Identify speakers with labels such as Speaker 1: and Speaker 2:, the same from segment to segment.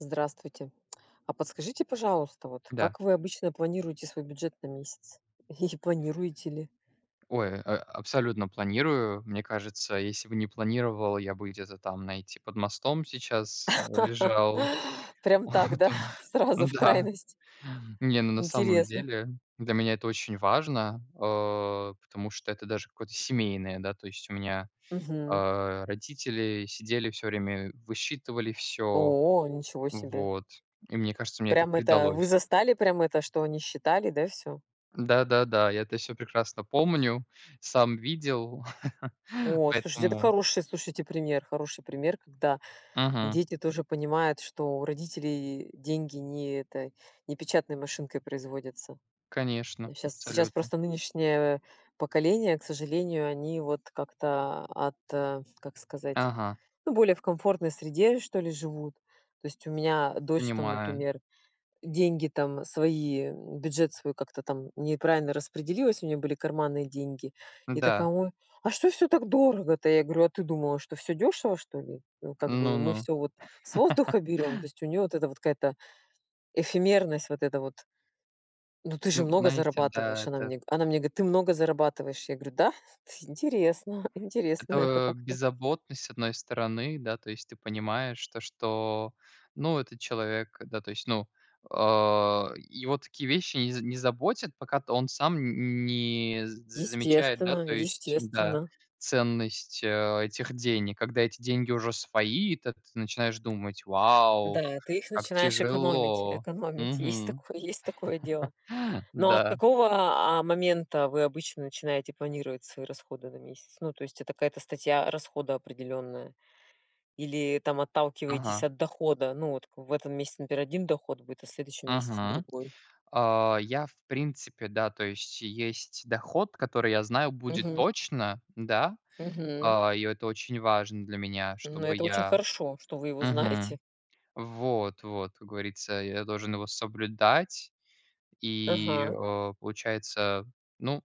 Speaker 1: Здравствуйте. А подскажите, пожалуйста, вот
Speaker 2: Да.
Speaker 1: как вы обычно планируете свой бюджет на месяц? И планируете ли?
Speaker 2: Ой, а абсолютно планирую. Мне кажется, если бы не планировал, я бы где-то там, знаете, под мостом сейчас лежал.
Speaker 1: Прям
Speaker 2: О
Speaker 1: так, да?
Speaker 2: да!
Speaker 1: Сразу в
Speaker 2: Да,
Speaker 1: крайность!
Speaker 2: не, ну, на самом
Speaker 1: Интересно.
Speaker 2: деле, для меня это очень важно, а, потому что это даже какое-то семейное, да, то есть у меня,
Speaker 1: Мгм.
Speaker 2: а, родители сидели всё время, высчитывали всё.
Speaker 1: О, ничего себе!
Speaker 2: Вот. И мне кажется, мне это
Speaker 1: Прям, это вы
Speaker 2: передалось.
Speaker 1: застали прям это, что они считали, да, всё?
Speaker 2: Да-да-да, я это всё прекрасно помню, сам видел,
Speaker 1: О, слушайте, это
Speaker 2: поэтому
Speaker 1: хороший, слушайте, пример, хороший пример, когда
Speaker 2: Мгм.
Speaker 1: дети тоже понимают, что у родителей деньги не эта не печатной машинкой производятся. Да,
Speaker 2: Конечно,
Speaker 1: щас сейчас
Speaker 2: абсолютно.
Speaker 1: просто нынешнее поколение, к сожалению, они, вот, как-то, ат как сказать,
Speaker 2: Ага.
Speaker 1: ну, более в комфортной среде, что ли, живут. То есть, у меня дочь, там,
Speaker 2: Понимаю.
Speaker 1: например, деньги там свои, бюджет свой как-то там неправильно распределилась, у неё были карманные деньги. И
Speaker 2: Да.
Speaker 1: такая "Ой, а что всё так дорого-то?" Я говорю: "А ты думала, что всё дёшево, что ли? Ну, как
Speaker 2: Ну
Speaker 1: бы мы
Speaker 2: ну.
Speaker 1: всё, вот, с воздуха берём". То есть, у неё вот эта вот какая-то эфемерность, вот эта вот. Ну, ты же
Speaker 2: Ну,
Speaker 1: много
Speaker 2: знаете, да,
Speaker 1: зарабатываешь. Она
Speaker 2: это
Speaker 1: мне она мне говорит: "Ты много зарабатываешь". Я говорю: "Да, интересно, интересно это
Speaker 2: Это
Speaker 1: как-то".
Speaker 2: беззаботность с одной стороны. Да, то есть ты понимаешь то, что, ну, этот человек, да, то есть, ну, э, его такие вещи не не заботят, пока т он сам н не з замечает, да,
Speaker 1: Естественно
Speaker 2: то есть, да,
Speaker 1: естественно.
Speaker 2: ценность, э, этих денег. Когда эти деньги уже свои, тэт ты начинаешь думать: "Вау,
Speaker 1: Да, ты их
Speaker 2: как
Speaker 1: начинаешь экономить
Speaker 2: тяжело".
Speaker 1: экономить. Есть
Speaker 2: Мгм,
Speaker 1: такое есть такое дело. Но от
Speaker 2: да.
Speaker 1: какого, а, момента вы обычно начинаете планировать свои расходы на месяц? Ну, то есть, это какая-то статья расхода определённая? Или там отталкиваетесь
Speaker 2: Ага.
Speaker 1: от дохода? Ну, вот в этом месяце, например, 1 доход будет, а в следующем месяце
Speaker 2: Ага,
Speaker 1: другой.
Speaker 2: а, я, в принципе, да, то есть есть доход, который я знаю, будет
Speaker 1: Мгм.
Speaker 2: точно. Да,
Speaker 1: Мгм.
Speaker 2: а, и это очень важно для меня,
Speaker 1: Ну,
Speaker 2: чтобы
Speaker 1: это очень
Speaker 2: я
Speaker 1: хорошо, что вы его знаете.
Speaker 2: Мгм, вот вот, как говорится, я должен его соблюдать. И,
Speaker 1: Ага.
Speaker 2: э, получается, ну,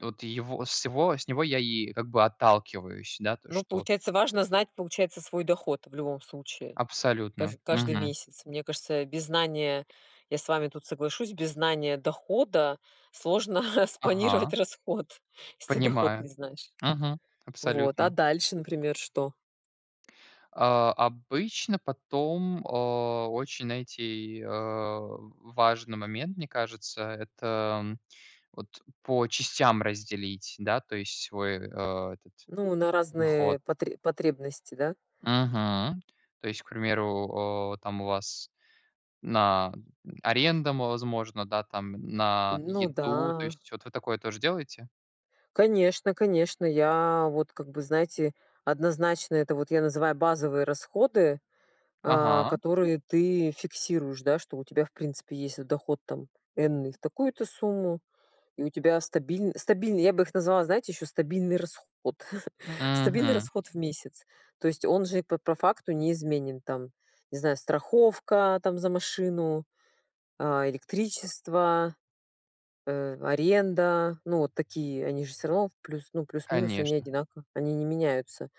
Speaker 2: вот его с его с него я и, как бы, отталкиваюсь. Да, то,
Speaker 1: Ну,
Speaker 2: что вот
Speaker 1: получается, важно знать, получается, свой доход в любом случае, каж
Speaker 2: Абсолютно,
Speaker 1: каждый
Speaker 2: мгм.
Speaker 1: месяц. Мне кажется, без знания- я с вами тут соглашусь- без знания дохода сложно
Speaker 2: Ага.
Speaker 1: распланировать расход, если доход
Speaker 2: Понимаю.
Speaker 1: не знаешь.
Speaker 2: Мгм.
Speaker 1: Вот, а
Speaker 2: Абсолютно.
Speaker 1: дальше, например, что?
Speaker 2: А, обычно потом, а, очень, знаете, э, важный момент, мне кажется, это, вот, по частям разделить, да, то есть свой, а, этот
Speaker 1: Ну, на
Speaker 2: доход.
Speaker 1: разные потре потребности, да?
Speaker 2: Мгм, то есть, к примеру, э, там у вас на аренду, возможно, да, там на
Speaker 1: Ну
Speaker 2: еду. То
Speaker 1: да.
Speaker 2: есть вот вы такое тоже делаете?
Speaker 1: Конечно, конечно, я вот как бы, знаете, однозначно, это вот я называю базовые расходы, э.
Speaker 2: Ага.
Speaker 1: Которые ты фиксируешь, да, что у тебя в принципе есть доход, там энный в такую-то сумму, и у тебя стабиль стабильный, я бы их назвала, знаете, ещё стабильный расход. Стабильный
Speaker 2: Мгм.
Speaker 1: расход в месяц. То есть он же по по факту неизменен. Там, не знаю, страховка, там за машину, а, электричество, э, аренда, ну вот такие, они же всё равно, плюс, ну, плюс-минус они
Speaker 2: Конечно.
Speaker 1: одинаково, они не меняются.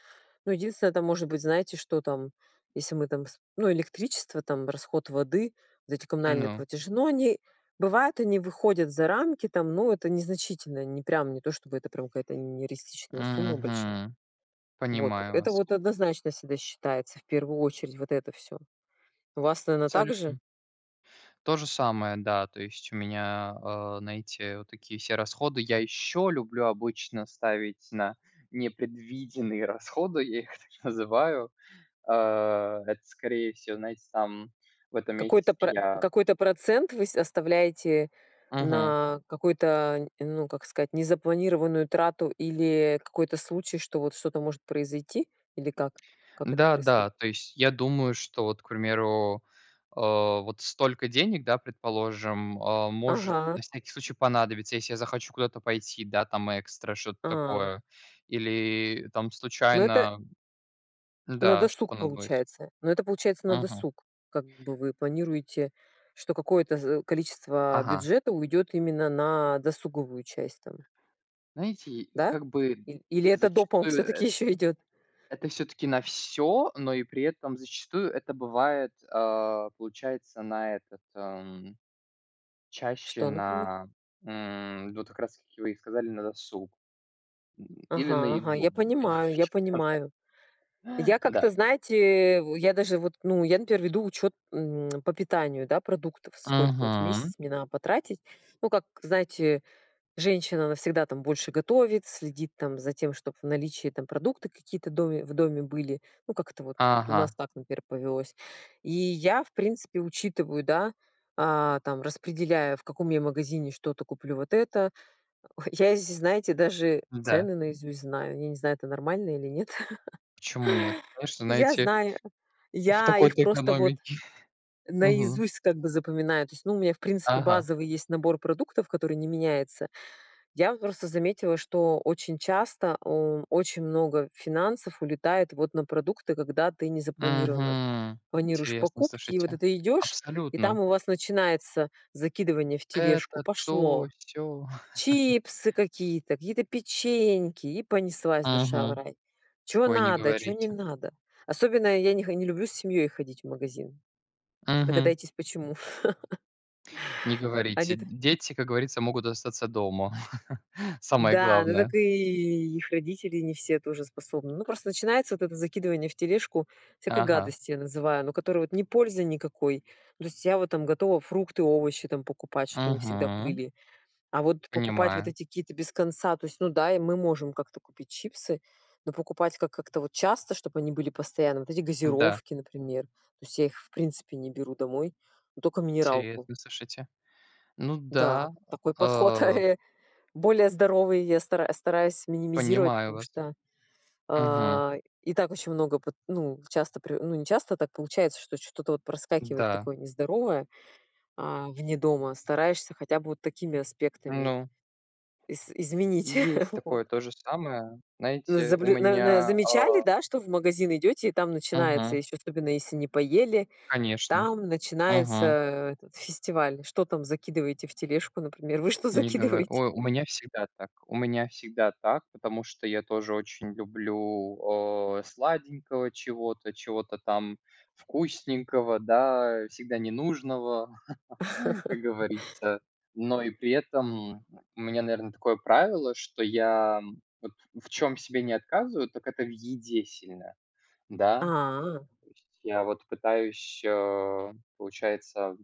Speaker 1: Ну, единственное, это может быть, знаете, что там, если мы там сп ну, электричество, там, расход воды, вот эти коммунальные
Speaker 2: Ну.
Speaker 1: платежи. Но они бывают, они выходят за рамки там, но это незначительно. Не прям, не то чтобы это прям какая-то нереалистичная сумма большая.
Speaker 2: Мгм,
Speaker 1: Вот.
Speaker 2: понимаю
Speaker 1: Это
Speaker 2: вас.
Speaker 1: вот однозначно всегда считается в первую очередь- вот это всё. У вас, наверно, так же?
Speaker 2: Салютно. То же самое, да. То есть у меня, а, на эти вот такие все расходы я ещё люблю обычно ставить на непредвиденные расходы, я их так называю. Э, это, скорее всего, знаете, там в этом
Speaker 1: Какой-то
Speaker 2: месяце
Speaker 1: про
Speaker 2: я
Speaker 1: какой-то процент вы оставляете
Speaker 2: Мгм.
Speaker 1: на какую-то, ну, как сказать, незапланированную трату или какой-то случай, что вот, что-то может произойти? Или как? Как это
Speaker 2: Да
Speaker 1: происходит?
Speaker 2: да, то есть я думаю, что вот, к примеру, э, вот столько денег, да, предположим, э, может на
Speaker 1: Ага.
Speaker 2: всякий случай понадобиться, если я захочу куда-то пойти, да, там, экстра, что-то
Speaker 1: А.
Speaker 2: такое, или, там,
Speaker 1: Но это
Speaker 2: случайно.
Speaker 1: На
Speaker 2: Да, что-то
Speaker 1: досуг
Speaker 2: понадобилось.
Speaker 1: получается. Ну, это получается на
Speaker 2: Мгм.
Speaker 1: досуг. Как бы, вы планируете, что какое-то за количество
Speaker 2: Ага.
Speaker 1: бюджета уйдёт именно на досуговую часть, там.
Speaker 2: Знаете,
Speaker 1: Да?
Speaker 2: как бы,
Speaker 1: Или или это допом
Speaker 2: зачастую
Speaker 1: всё-таки
Speaker 2: эт
Speaker 1: ещё идёт?
Speaker 2: это всё-таки на всё, но и при этом зачастую это бывает, э, получается на этот, м, чаще
Speaker 1: Что, например?
Speaker 2: на, м, вот как раз-таки вы и сказали, на досуг. Или на
Speaker 1: Ага, ага.
Speaker 2: еду,
Speaker 1: Я
Speaker 2: вот, примерно.
Speaker 1: понимаю,
Speaker 2: [unintelligible]
Speaker 1: я понимаю. Я
Speaker 2: Да.
Speaker 1: как-то, знаете вот, я даже вот, ну, я, например, веду учёт, м, по питанию, да, продуктов, сколько вот в месяц
Speaker 2: Мгм.
Speaker 1: мне надо потратить. Ну, как знаете, женщина, она всегда там больше готовит, следит там за тем, чтобы в наличии там продукты какие-то в доме в доме были. Ну, как-то вот, у нас
Speaker 2: Ага.
Speaker 1: так, например, повелось. И я, в принципе, учитываю, да, а, там, распределяю, в каком я магазине что-то куплю вот это. Ой, я, если знаете, даже
Speaker 2: Да.
Speaker 1: цены наизусть знаю. Я не знаю, это нормально или нет.
Speaker 2: Почему нет? Конечно,
Speaker 1: Я
Speaker 2: знаете,
Speaker 1: знаю.
Speaker 2: в
Speaker 1: Я их
Speaker 2: такой-то
Speaker 1: просто вот
Speaker 2: экономике, мгм.
Speaker 1: наизусть, как бы, запоминаю. То есть, ну, у меня, в принципе,
Speaker 2: Ага.
Speaker 1: базовый есть набор продуктов, который не меняется. Я вот просто заметила, что очень часто у очень много финансов улетает вот на продукты, когда ты не запланирована.
Speaker 2: Мгм,
Speaker 1: Планируешь
Speaker 2: интересно,
Speaker 1: покупки, и вот
Speaker 2: слушайте.
Speaker 1: это идёшь, и там
Speaker 2: Абсолютно!
Speaker 1: у вас начинается закидывание в тележку,
Speaker 2: Это, то,
Speaker 1: пошло.
Speaker 2: сё.
Speaker 1: Чипсы какие-то, какие-то печеньки, и понеслась душа в
Speaker 2: Мгм,
Speaker 1: рай. Чего
Speaker 2: ой, не
Speaker 1: надо, чего не
Speaker 2: говорите.
Speaker 1: надо. Особенно я не хо не люблю с семьёй ходить в магазин.
Speaker 2: Мгм.
Speaker 1: Догадаетесь почему?
Speaker 2: Не говорите.
Speaker 1: Они-то
Speaker 2: Дети, как говорится, могут остаться дома, самое
Speaker 1: Да, ну
Speaker 2: главное.
Speaker 1: так и их родители не все тоже способны. Ну, просто начинается вот это закидывание в тележку всякой
Speaker 2: Ага.
Speaker 1: гадости, я называю. Ну которую, вот, не пользы никакой. То есть я вот там готова фрукты, овощи там покупать, чтобы они всегда
Speaker 2: Мгм.
Speaker 1: были. А вот покупать вот
Speaker 2: Понимаю.
Speaker 1: эти какие-то без конца, то есть Ну да, мы можем как-то купить чипсы, но покупать, как как-то вот часто, чтобы они были постоянно, вот эти
Speaker 2: Да.
Speaker 1: газировки, например. То есть, я их в принципе не беру домой. Ну токо минералку.
Speaker 2: Интересно, слушайте. Ну
Speaker 1: Да,
Speaker 2: да,
Speaker 1: такой подход.
Speaker 2: э
Speaker 1: Более здоровый я стара стараюсь минимизировать,
Speaker 2: Понимаю
Speaker 1: потому
Speaker 2: вас.
Speaker 1: что,
Speaker 2: Мгм.
Speaker 1: э, и так очень много, вот, ну, часто при ну, не часто так получается, что что-то вот проскакивает
Speaker 2: Да.
Speaker 1: такое нездоровое, а, вне дома. Стараешься хотя бы вот такими аспектами
Speaker 2: Ну.
Speaker 1: из изменить,
Speaker 2: Есть
Speaker 1: вот.
Speaker 2: такое то же самое.
Speaker 1: Ну,
Speaker 2: Знаете, у
Speaker 1: заблю н н
Speaker 2: меня
Speaker 1: замечали,
Speaker 2: э
Speaker 1: да, что в магазин идёте, и там начинается,
Speaker 2: Мгм.
Speaker 1: ещё особенно если не поели,
Speaker 2: Конечно.
Speaker 1: там начинается
Speaker 2: Мгм.
Speaker 1: этот фестиваль. Что там закидываете в тележку, например? Вы что
Speaker 2: Не говор
Speaker 1: закидываете?
Speaker 2: О, у меня всегда так, у меня всегда так, потому что я тоже очень люблю, э, сладенького, чего-то, чего-то там вкусненького, да, всегда ненужного, как говорится. Но и при этом у меня, наверное, такое правило, что я вот в чем себе не отказываю, так это в еде сильно, да.
Speaker 1: А.
Speaker 2: То есть я вот пытаюсь, э, получается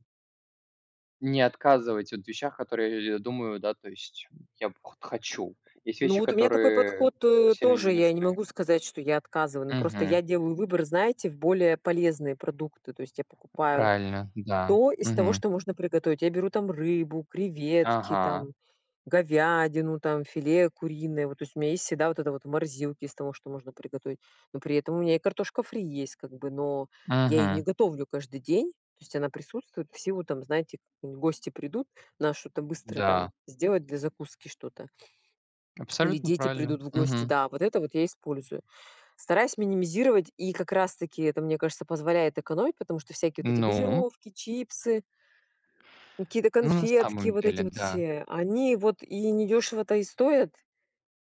Speaker 2: Не отказывать вот в вещах, которые я думаю. Да то есть. Я вот х хочу. Есть
Speaker 1: Ну,
Speaker 2: вещи,
Speaker 1: вот у меня такой
Speaker 2: которые
Speaker 1: подход
Speaker 2: сильно
Speaker 1: тоже
Speaker 2: не
Speaker 1: я не
Speaker 2: нужны.
Speaker 1: могу сказать, что я отказываю. Ну просто
Speaker 2: Мгм.
Speaker 1: я делаю выбор, знаете, в более полезные продукты. То есть, я покупаю
Speaker 2: Правильно, да.
Speaker 1: то из того,
Speaker 2: Мгм.
Speaker 1: что можно приготовить. Я беру там рыбу, креветки,
Speaker 2: Ага.
Speaker 1: там говядину, там, филе куриное. Вот, то есть, у меня есть всегда вот это вот в морозилке, из того, что можно приготовить. Но при этом у меня и картошка фри есть, как бы. Но я её не
Speaker 2: Мгм.
Speaker 1: готовлю каждый день. То есть она присутствует в силу там, знаете, гости придут, надо что-то быстро там
Speaker 2: Да.
Speaker 1: сделать для закуски что-то. Или
Speaker 2: Абсолютно
Speaker 1: дети
Speaker 2: правильно.
Speaker 1: придут в гости.
Speaker 2: Мгм.
Speaker 1: Да, вот это вот я использую. Стараюсь минимизировать. И как раз таки это, мне кажется, позволяет экономить. Потому что всякие вот эти
Speaker 2: Ну?
Speaker 1: газировки, чипсы какие-то
Speaker 2: Ну, на
Speaker 1: конфетки,
Speaker 2: самом
Speaker 1: вот эти
Speaker 2: деле,
Speaker 1: вот
Speaker 2: да.
Speaker 1: все, они вот и недёшево-то и стоят.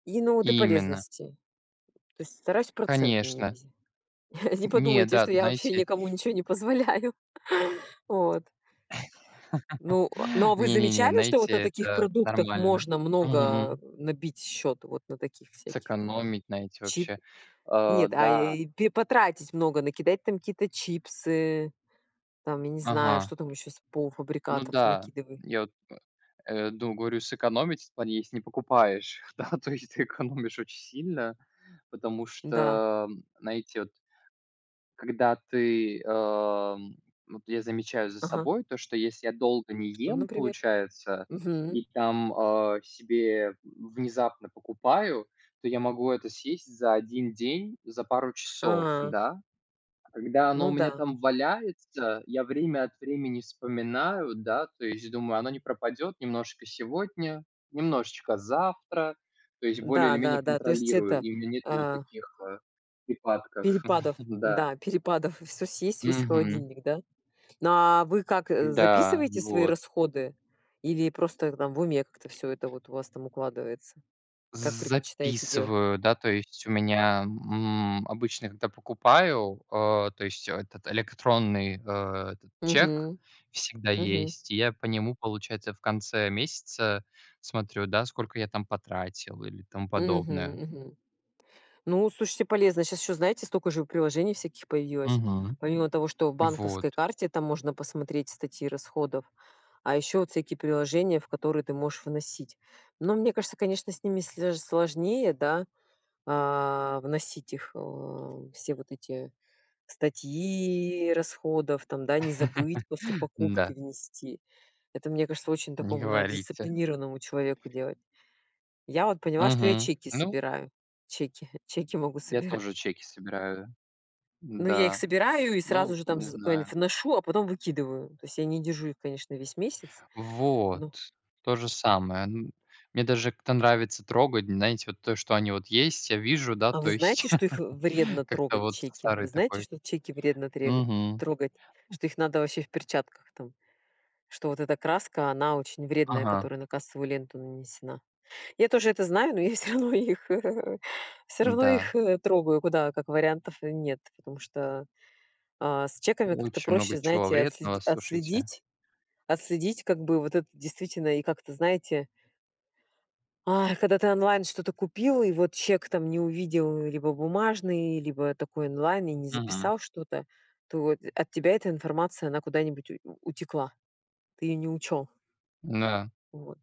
Speaker 1: И, ну, вот и
Speaker 2: Именно.
Speaker 1: полезности. То есть, стараюсь процент
Speaker 2: Конечно.
Speaker 1: минимизи Не
Speaker 2: Не,
Speaker 1: подумайте,
Speaker 2: да,
Speaker 1: что я вообще
Speaker 2: знаете
Speaker 1: никому ничего не позволяю. Вот. Ну, а, ну а вы
Speaker 2: Не не не,
Speaker 1: замечали, что вот на
Speaker 2: знаете
Speaker 1: таких
Speaker 2: это
Speaker 1: продуктах
Speaker 2: нормально.
Speaker 1: можно
Speaker 2: Мгм.
Speaker 1: много набить счёт? Вот на таких всяких там
Speaker 2: Сэкономить знаете
Speaker 1: чип
Speaker 2: вообще. А,
Speaker 1: Нет, а,
Speaker 2: да.
Speaker 1: э, потратить много, накидать там какие-то чипсы. Там я не знаю,
Speaker 2: Ага.
Speaker 1: что там ещё с
Speaker 2: Ну
Speaker 1: полуфабрикатов
Speaker 2: да,
Speaker 1: накидывай.
Speaker 2: я вот, э, ду говорю сэкономить в плане, если не покупаешь. Да то есть ты экономишь очень сильно, потому
Speaker 1: Да.
Speaker 2: что, знаете, вот когда ты эм, вот я замечаю за
Speaker 1: Ага.
Speaker 2: собой то, что если я долго не
Speaker 1: Что
Speaker 2: ем,
Speaker 1: например?
Speaker 2: получается,
Speaker 1: Мгм.
Speaker 2: и там, э, себе внезапно покупаю, то я могу это съесть за 1 день, за пару часов,
Speaker 1: Ага.
Speaker 2: да. Когда оно
Speaker 1: Ну
Speaker 2: у меня
Speaker 1: да.
Speaker 2: там валяется, я время от времени вспоминаю, да, то есть думаю, оно не пропадет немножко сегодня, немножечко завтра. То есть более или
Speaker 1: Да,
Speaker 2: менее
Speaker 1: да, да. То есть,
Speaker 2: контролирую,
Speaker 1: это,
Speaker 2: и у меня нету вот
Speaker 1: а
Speaker 2: таких, э, припадков,
Speaker 1: перепадов.
Speaker 2: да.
Speaker 1: Да, перепадов. И всё съесть, весь
Speaker 2: Мгм.
Speaker 1: холодильник, да? Но, а вы как,
Speaker 2: Да,
Speaker 1: записываете свои
Speaker 2: вот.
Speaker 1: расходы? Или просто там в уме как-то всё это у вас там укладывается? Как предпочитаете делать?
Speaker 2: Записываю, да, то есть у меня, м, обычно, когда покупаю, э, то есть этот электронный, э, этот чек
Speaker 1: Мгм,
Speaker 2: всегда
Speaker 1: мгм.
Speaker 2: есть. Я по нему, получается, в конце месяца смотрю, да, сколько я там потратил, или тому
Speaker 1: Мгм,
Speaker 2: подобное.
Speaker 1: мгм. Ну, слушайте, полезно. Сейчас ещё, знаете, столько же приложений всяких появилось.
Speaker 2: Мгм.
Speaker 1: Помимо того, что в банковской
Speaker 2: Вот.
Speaker 1: карте там можно посмотреть статьи расходов. А ещё вот всякие приложения, в которые ты можешь вносить. Но мне кажется, конечно, с ними слё даже сложнее, да, а, вносить их, э, все вот эти статьи расходов, там, да, не забыть после покупки
Speaker 2: Да.
Speaker 1: внести. Это мне кажется очень
Speaker 2: Не
Speaker 1: такому надо
Speaker 2: говорите.
Speaker 1: дисциплинированному человеку делать. Я вот поняла, что я
Speaker 2: Мгм.
Speaker 1: чеки
Speaker 2: Ну.
Speaker 1: собираю. Чеки чеки могу
Speaker 2: Я
Speaker 1: собирать.
Speaker 2: тоже чеки собираю,
Speaker 1: Ну я их
Speaker 2: да.
Speaker 1: собираю, и сразу
Speaker 2: Ну,
Speaker 1: же там
Speaker 2: не
Speaker 1: з
Speaker 2: знаю.
Speaker 1: куда-нибудь вношу, а потом выкидываю. То есть я не держу их конечно весь месяц.
Speaker 2: Вот,
Speaker 1: Но
Speaker 2: то же самое. М мне даже как-то нравится трогать, знаете, вот то, что они вот есть, я вижу, да,
Speaker 1: А
Speaker 2: то
Speaker 1: вы
Speaker 2: есть,
Speaker 1: знаете, что их вредно
Speaker 2: как-то
Speaker 1: трогать,
Speaker 2: вот
Speaker 1: чеки? Вы
Speaker 2: старый
Speaker 1: знаете,
Speaker 2: такой.
Speaker 1: что чеки вредно тре
Speaker 2: Мгм.
Speaker 1: трогать?
Speaker 2: М
Speaker 1: Что их надо вообще в перчатках там? Что вот эта краска, она очень вредная,
Speaker 2: Ага.
Speaker 1: которая на кассовую ленту нанесена. Я тоже это знаю, но я всё равно их, всё равно
Speaker 2: Да.
Speaker 1: их трогаю, куда, как вариантов нет, потому что, а, с чеками как-то
Speaker 2: Очень много
Speaker 1: проще,
Speaker 2: чего
Speaker 1: знаете, отсле
Speaker 2: вредного, слушайте.
Speaker 1: отследить отследить как бы вот это действительно и как-то знаете а, и когда ты онлайн что-то купил, и вот чек там не увидел, либо бумажный, либо такой онлайн, и не
Speaker 2: Мгм.
Speaker 1: записал что-то, то от тебя эта информация, она куда-нибудь ут утекла. Ты её не учёл.
Speaker 2: Да.
Speaker 1: Вот,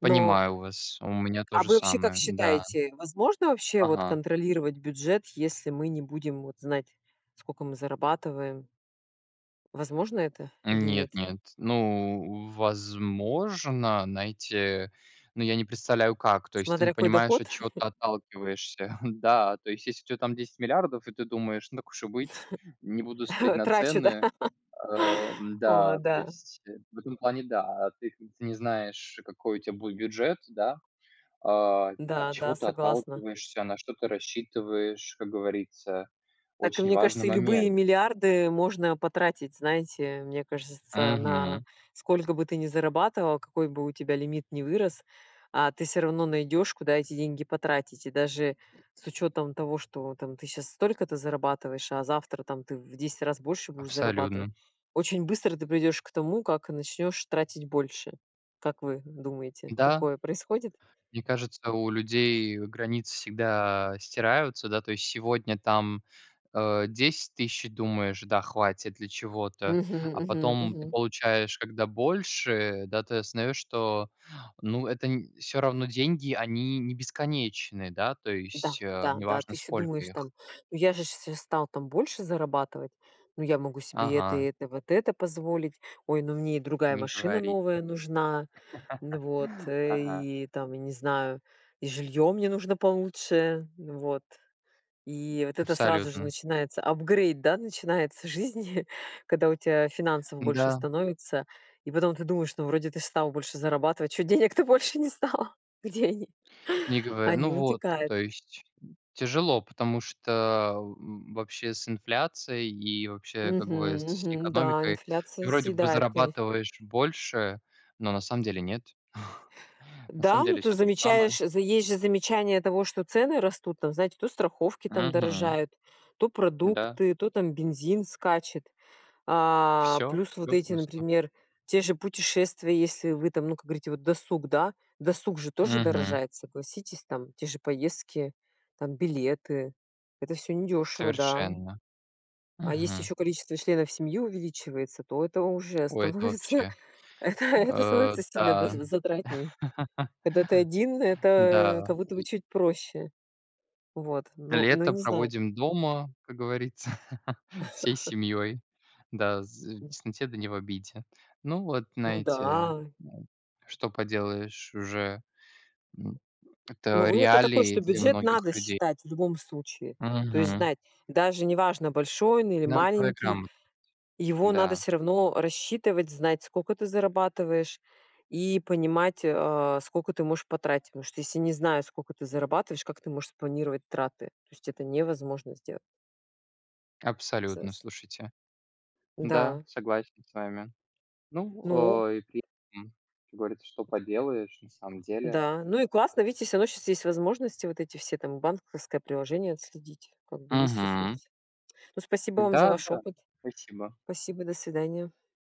Speaker 1: но
Speaker 2: Понимаю вас. У меня то
Speaker 1: А
Speaker 2: же
Speaker 1: вы вообще как
Speaker 2: самое, да.
Speaker 1: считаете? Возможно вообще вот
Speaker 2: Ага.
Speaker 1: контролировать бюджет, если мы не будем вот знать сколько мы зарабатываем? Возможно это или
Speaker 2: Нет
Speaker 1: нет?
Speaker 2: нет, ну, возможно, знаете, но я не представляю, как. То есть, ты не
Speaker 1: Смотря какой
Speaker 2: понимаешь, от
Speaker 1: доход?
Speaker 2: чего ты отталкиваешься. Да, то есть, если у тебя там 10 000 000 000, и ты думаешь, так уж и быть, не будут смотреть на
Speaker 1: Трачу, да.
Speaker 2: цены. А,
Speaker 1: О
Speaker 2: да, то
Speaker 1: да.
Speaker 2: есть. В этом плане да, ты ты не знаешь, какой у тебя будет бюджет, да. А, от
Speaker 1: Да,
Speaker 2: чего
Speaker 1: да,
Speaker 2: ты
Speaker 1: согласна.
Speaker 2: отталкиваешься, на что ты рассчитываешь. Как говорится,
Speaker 1: Так и
Speaker 2: очень
Speaker 1: мне
Speaker 2: важный
Speaker 1: кажется и любые
Speaker 2: момент.
Speaker 1: миллиарды можно потратить, знаете, мне кажется, на
Speaker 2: Мгм.
Speaker 1: сколько бы ты ни зарабатывал, какой бы у тебя лимит ни вырос, а ты всё равно найдёшь куда эти деньги потратить, и даже с учётом того, что там ты сейчас столько-то зарабатываешь, а завтра там ты в 10 раз больше будешь зарабатывать.
Speaker 2: Абсолютно.
Speaker 1: Очень быстро ты придёшь к тому, как начнёшь тратить больше. Как вы думаете,
Speaker 2: Да.
Speaker 1: такое происходит?
Speaker 2: Мне кажется, у людей границы всегда стираются. Да, то есть, сегодня там, э, 10 000 думаешь, да, хватит для чего-то,
Speaker 1: Мгм
Speaker 2: а
Speaker 1: мгм
Speaker 2: потом ты
Speaker 1: мгм.
Speaker 2: получаешь когда больше, да, ты осознаешь, что, ну, это не все равно деньги они не бесконечные, да, то
Speaker 1: Да,
Speaker 2: есть, э,
Speaker 1: да, да,
Speaker 2: неважно
Speaker 1: ты еще
Speaker 2: сколько
Speaker 1: думаешь
Speaker 2: их.
Speaker 1: там: ну я же сейчас стал там больше зарабатывать, ну я могу себе это и
Speaker 2: Ага.
Speaker 1: это, вот это позволить, ой, ну мне и другая
Speaker 2: Не
Speaker 1: машина
Speaker 2: говорите.
Speaker 1: новая нужна. Вот,
Speaker 2: Ага.
Speaker 1: и там, я не знаю, и жильё мне нужно получше. Вот. И вот это сразу же
Speaker 2: Абсолютно.
Speaker 1: начинается, апгрейд, да, начинается жизни, когда у тебя финансов больше
Speaker 2: Да.
Speaker 1: становится. И потом ты думаешь, ну вроде ты стал больше зарабатывать, чё денег то больше не стало? Где они?
Speaker 2: Не гово ну
Speaker 1: Они
Speaker 2: вот. То
Speaker 1: утекают.
Speaker 2: есть тяжело, потому что вообще с инфляцией, и вообще, как бы,
Speaker 1: Мгм
Speaker 2: с
Speaker 1: мгм. Да,
Speaker 2: экономикой ты
Speaker 1: инфляция
Speaker 2: вроде бы
Speaker 1: съедает коне
Speaker 2: зарабатываешь больше, но на самом деле нет. На
Speaker 1: Да,
Speaker 2: самом
Speaker 1: ну
Speaker 2: деле
Speaker 1: ты
Speaker 2: всё то же самое.
Speaker 1: замечаешь, есть же замечание того, что цены растут там, знаете, то страховки там
Speaker 2: Мгм.
Speaker 1: дорожают, то
Speaker 2: Да.
Speaker 1: продукты, то там бензин скачет. А
Speaker 2: Всё
Speaker 1: плюс вот
Speaker 2: всё
Speaker 1: эти,
Speaker 2: просто.
Speaker 1: например, те же путешествия, если вы там, ну как говорите, досуг, да? Досуг же тоже
Speaker 2: Мгм.
Speaker 1: дорожает, согласитесь, там те же поездки, там билеты, это всё недёшево, да.
Speaker 2: Совершенно.
Speaker 1: А если
Speaker 2: Мгм.
Speaker 1: ещё количество членов семьи увеличивается, то это уже
Speaker 2: Ой, это
Speaker 1: становится,
Speaker 2: вообще.
Speaker 1: это это
Speaker 2: Э,
Speaker 1: становится сильно, да,
Speaker 2: да.
Speaker 1: за затратнее. Когда ты один, это
Speaker 2: Да.
Speaker 1: как будто бы
Speaker 2: Ль
Speaker 1: чуть проще. Вот. Но но
Speaker 2: лето
Speaker 1: не знаю.
Speaker 2: проводим дома, как говорится, всей семьей. Да, з в тесноте да не в обиде. Ну вот,
Speaker 1: Ну
Speaker 2: знаете,
Speaker 1: да.
Speaker 2: что поделаешь уже. М.
Speaker 1: Ну
Speaker 2: Это
Speaker 1: вывод-то такой, что
Speaker 2: реалии для
Speaker 1: бюджет
Speaker 2: многих
Speaker 1: надо
Speaker 2: людей.
Speaker 1: считать в любом случае. То есть
Speaker 2: Мгм.
Speaker 1: знать, даже неважно большой он или
Speaker 2: Финансовая
Speaker 1: маленький,
Speaker 2: грамотность.
Speaker 1: его надо
Speaker 2: Да.
Speaker 1: всё равно рассчитывать, знать сколько ты зарабатываешь, и понимать, а, сколько ты можешь потратить. Потому что если не зная сколько ты зарабатываешь, как ты можешь спланировать траты? То есть это невозможно сделать.
Speaker 2: Абсолютно
Speaker 1: Сэс
Speaker 2: слушайте. Да,
Speaker 1: Да.
Speaker 2: согласен с вами. Ну,
Speaker 1: Ну!
Speaker 2: э, и при этом, как говорится, что поделаешь, на самом деле.
Speaker 1: Да, ну и классно, видите всё равно сейчас есть возможности вот эти все там банковское приложение отследить, как бы есть
Speaker 2: Мгм.
Speaker 1: ресурсы. Ну спасибо вам за
Speaker 2: Да,
Speaker 1: ваш
Speaker 2: да,
Speaker 1: опыт.
Speaker 2: спасибо.
Speaker 1: Спасибо, до свидания.